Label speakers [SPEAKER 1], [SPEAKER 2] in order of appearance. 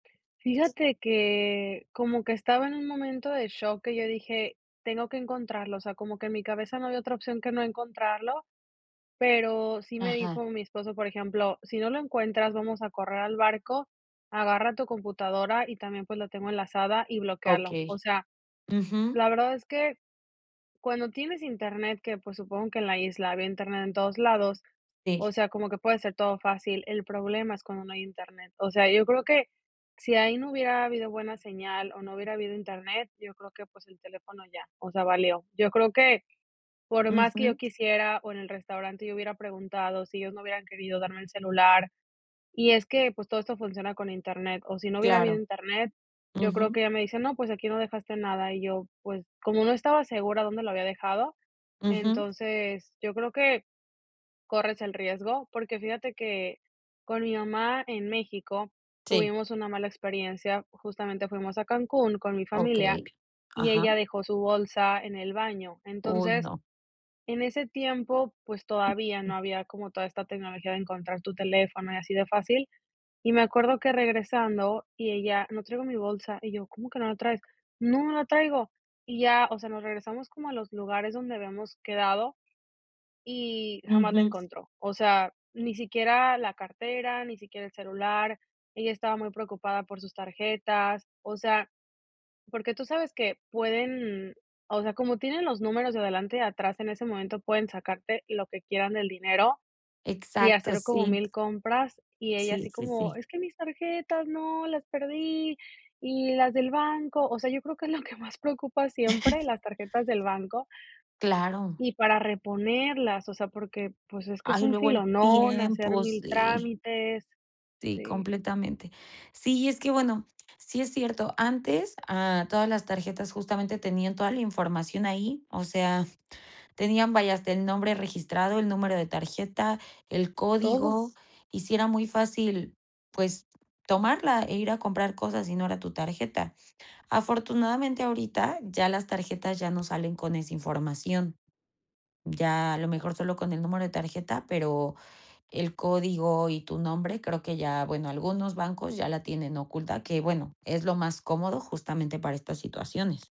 [SPEAKER 1] Fíjate que como que estaba en un momento de shock que yo dije: "Tengo que encontrarlo", o sea, como que en mi cabeza no había otra opción que no encontrarlo, pero, sí me dijo
[SPEAKER 2] Ajá.
[SPEAKER 1] mi esposo, por ejemplo, "Si no lo encuentras vamos a correr al barco, agarra tu computadora, y también, pues, lo tengo enlazada, y bloquéalo". O
[SPEAKER 2] Okey.
[SPEAKER 1] sea,
[SPEAKER 2] Ujú.
[SPEAKER 1] la verdad es que cuando tienes internet, que, pues, supongo que en la isla había internet en todos lados, o
[SPEAKER 2] Sí.
[SPEAKER 1] sea, como que puede ser todo fácil, el problema es cuando no hay Internet. O sea, yo creo que, si ahí no hubiera habido buena señal, o, no hubiera habido internet, yo creo que, pues, el teléfono ya, o sea, valió. Yo creo que por más que yo
[SPEAKER 2] Ujú.
[SPEAKER 1] quisiera, o, en el restaurante yo hubiera preguntado si ellos no hubieran querido darme el celular y es que, pues, todo esto funciona con internet, o, si no hubiera habido
[SPEAKER 2] Claro.
[SPEAKER 1] internet yo creo que
[SPEAKER 2] Ujú.
[SPEAKER 1] ella me dice: "No pues aquí no dejaste nada". Y yo, pues, como no estaba segura dónde lo había dejado,
[SPEAKER 2] Ujú.
[SPEAKER 1] entonces, yo creo, que corres el riesgo. Porque fíjate que con mi mamá en México,
[SPEAKER 2] Sí.
[SPEAKER 1] tuvimos una mala experiencia, justamente fuimos a Cancún con mi familia,
[SPEAKER 2] Okey.
[SPEAKER 1] y
[SPEAKER 2] Ajá.
[SPEAKER 1] ella dejó su bolsa en el baño.
[SPEAKER 2] ¡Uy,
[SPEAKER 1] Entonces,
[SPEAKER 2] no!
[SPEAKER 1] en ese tiempo, pues, todavía no había como toda esta tecnología de encontrar tu teléfono y así de fácil, y me acuerdo que regresando y ella: "No traigo mi bolsa" y yo: "¿Cómo que no la traes?" "No, no la traigo". Y ya, o sea, nos regresamos como a los lugares donde habíamos quedado y jamás la
[SPEAKER 2] Ujú.
[SPEAKER 1] encontró. O sea, ni siquiera la cartera, ni siquiera el celular, ella estaba muy preocupada por sus tarjetas. O sea, porque tú sabes que pueden, o sea, como tienen los números de adelante y atrás en ese momento pueden sacarte lo que quieran del dinero, y
[SPEAKER 2] Exacto,
[SPEAKER 1] hacer como
[SPEAKER 2] sí.
[SPEAKER 1] 1000 compras, y ella
[SPEAKER 2] Sí,
[SPEAKER 1] así
[SPEAKER 2] sí,
[SPEAKER 1] como:
[SPEAKER 2] sí.
[SPEAKER 1] "Es que mis tarjetas ¡no! Las perdí. Y las del banco". O sea, yo creo que es lo que más preocupa siempre, las tarjetas del banco
[SPEAKER 2] Claro.
[SPEAKER 1] y para reponerlas, o sea, porque, pues, es que es
[SPEAKER 2] Ay,
[SPEAKER 1] un
[SPEAKER 2] luego el
[SPEAKER 1] filón hacer
[SPEAKER 2] tiempo,
[SPEAKER 1] 1000
[SPEAKER 2] sí.
[SPEAKER 1] trámites.
[SPEAKER 2] Sí,
[SPEAKER 1] Sí.
[SPEAKER 2] completamente. Sí, es que, bueno, sí es cierto, antes, ah, todas las tarjetas justamente tenían toda la información ahí, o sea, tenían, vaya, hasta el nombre registrado, el número de tarjeta, el
[SPEAKER 1] Todo.
[SPEAKER 2] código. Y sí era muy fácil, pues, tomarla, e ir a comprar cosas, y no era tu tarjeta. Afortunadamente, ahorita, ya las tarjetas ya no salen con esa información. Ya, a lo mejor solo con el número de tarjeta, pero el código y tu nombre, creo que ya, bueno, algunos bancos ya la tienen oculta, que, bueno, es lo más cómodo, justamente, para estas situaciones.